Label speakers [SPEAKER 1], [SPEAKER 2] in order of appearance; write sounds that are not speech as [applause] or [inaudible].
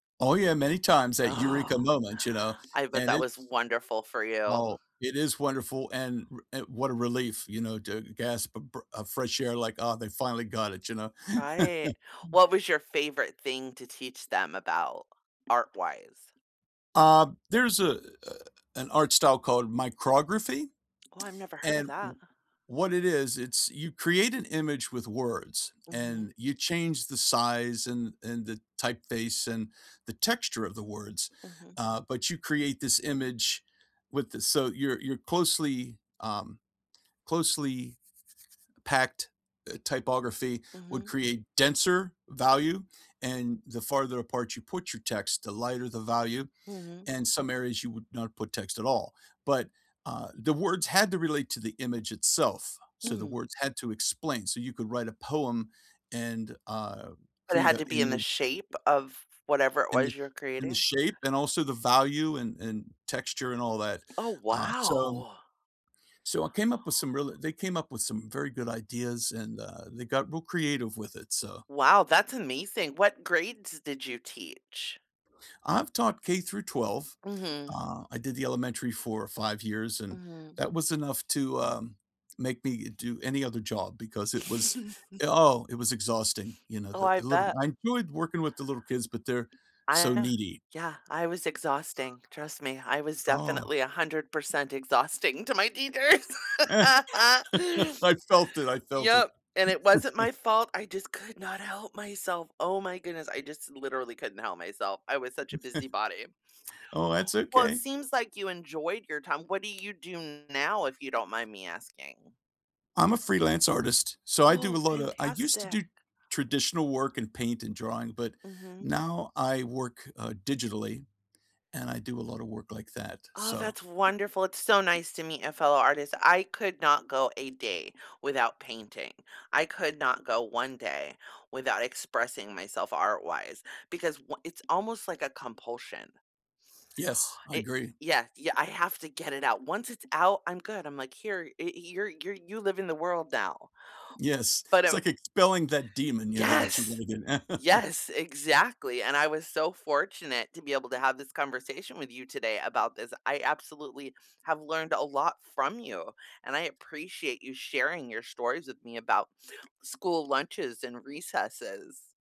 [SPEAKER 1] Oh, yeah, many times, that eureka
[SPEAKER 2] Oh,
[SPEAKER 1] moment, you know,
[SPEAKER 2] I bet
[SPEAKER 1] and
[SPEAKER 2] that was
[SPEAKER 1] it's
[SPEAKER 2] wonderful for you.
[SPEAKER 1] Oh, it is wonderful and r and what a relief, you know, to gasp a bre a fresh air like, "Ah, they finally got it," you know.
[SPEAKER 2] Right.
[SPEAKER 1] [laughs]
[SPEAKER 2] What was your favorite thing to teach them about, art-wise?
[SPEAKER 1] Uh, there's a a an art style called micrography,
[SPEAKER 2] Oh, I've never heard of
[SPEAKER 1] and wha
[SPEAKER 2] that.
[SPEAKER 1] what it is, it's you create an image with words,
[SPEAKER 2] Mhm.
[SPEAKER 1] and you change the size and and the typeface and the texture of the words,
[SPEAKER 2] Mhm.
[SPEAKER 1] uh, but you create this image with the so your your closely, um, closely packed, uh, typography would
[SPEAKER 2] Mhm.
[SPEAKER 1] create denser value, and the farther apart you put your text, the lighter the value,
[SPEAKER 2] Mhm.
[SPEAKER 1] and some areas, you would not put text at all, but, uh, the words had to relate to the image itself, so the
[SPEAKER 2] Mm.
[SPEAKER 1] words had to explain, so you could write a poem and, uh,
[SPEAKER 2] But it
[SPEAKER 1] create
[SPEAKER 2] had
[SPEAKER 1] a
[SPEAKER 2] to be in the
[SPEAKER 1] image
[SPEAKER 2] shape of whatever
[SPEAKER 1] in the
[SPEAKER 2] was your
[SPEAKER 1] in the
[SPEAKER 2] creating?
[SPEAKER 1] shape and also the value and and texture and all that.
[SPEAKER 2] Oh
[SPEAKER 1] Uh, so
[SPEAKER 2] wow!
[SPEAKER 1] so I came up with some really they came up with some very good ideas and, uh, they got real creative with it, so
[SPEAKER 2] Wow, that's amazing! What grades did you teach?
[SPEAKER 1] I've taught K through 12.
[SPEAKER 2] Mhm.
[SPEAKER 1] Uh, I did the elementary for 5 years and
[SPEAKER 2] Mhm.
[SPEAKER 1] that was enough to, um, make me do any other job because it was, uh, oh, it
[SPEAKER 2] [laughs]
[SPEAKER 1] was exhausting. You know,
[SPEAKER 2] Oh,
[SPEAKER 1] the
[SPEAKER 2] I
[SPEAKER 1] the little
[SPEAKER 2] bet.
[SPEAKER 1] I enjoyed working with the little kids, but they're so
[SPEAKER 2] I
[SPEAKER 1] needy.
[SPEAKER 2] yeah, I was exhausting. Trust me, I was
[SPEAKER 1] Oh.
[SPEAKER 2] definitely 100% exhausting to my teachers.
[SPEAKER 1] [chuckles]
[SPEAKER 2] [laughs]
[SPEAKER 1] I felt it, I felt
[SPEAKER 2] Yep,
[SPEAKER 1] it.
[SPEAKER 2] and it wasn't my fault, I just could not help myself, oh my goodness, I just literally couldn't help myself. I was such a busy
[SPEAKER 1] [chuckles]
[SPEAKER 2] body.
[SPEAKER 1] Oh, that's
[SPEAKER 2] Well, it
[SPEAKER 1] okay.
[SPEAKER 2] seems like you enjoyed your time, what do you do now, if you don't mind me asking?
[SPEAKER 1] I'm a freelance artist, so I do a
[SPEAKER 2] Whoa,
[SPEAKER 1] lot of I used to do
[SPEAKER 2] fantastic.
[SPEAKER 1] traditional work and paint and drawing, but
[SPEAKER 2] Mhm.
[SPEAKER 1] now I work, uh, digitally and I do a lot of work like that,
[SPEAKER 2] Oh,
[SPEAKER 1] so
[SPEAKER 2] that's wonderful! It's so nice to meet a fellow artist. I could not go a day without painting. I could not go 1 day without expressing myself art-wise, because wha it's almost like a compulsion.
[SPEAKER 1] Yes, I
[SPEAKER 2] It
[SPEAKER 1] agree.
[SPEAKER 2] yeah, yeah, I have to get it out, once it's out, I'm good. I'm like, "Here, it you're you're you live in the world now."
[SPEAKER 1] Yes.
[SPEAKER 2] But,
[SPEAKER 1] It's
[SPEAKER 2] um
[SPEAKER 1] like expelling that demon, you know, that you
[SPEAKER 2] Yes!
[SPEAKER 1] really didn't [chuckles]
[SPEAKER 2] Yes, exactly, and I was so fortunate to be able to have this conversation with you today about this. I absolutely have learned a lot from you, and I appreciate you sharing your stories with me about school lunches and recesses.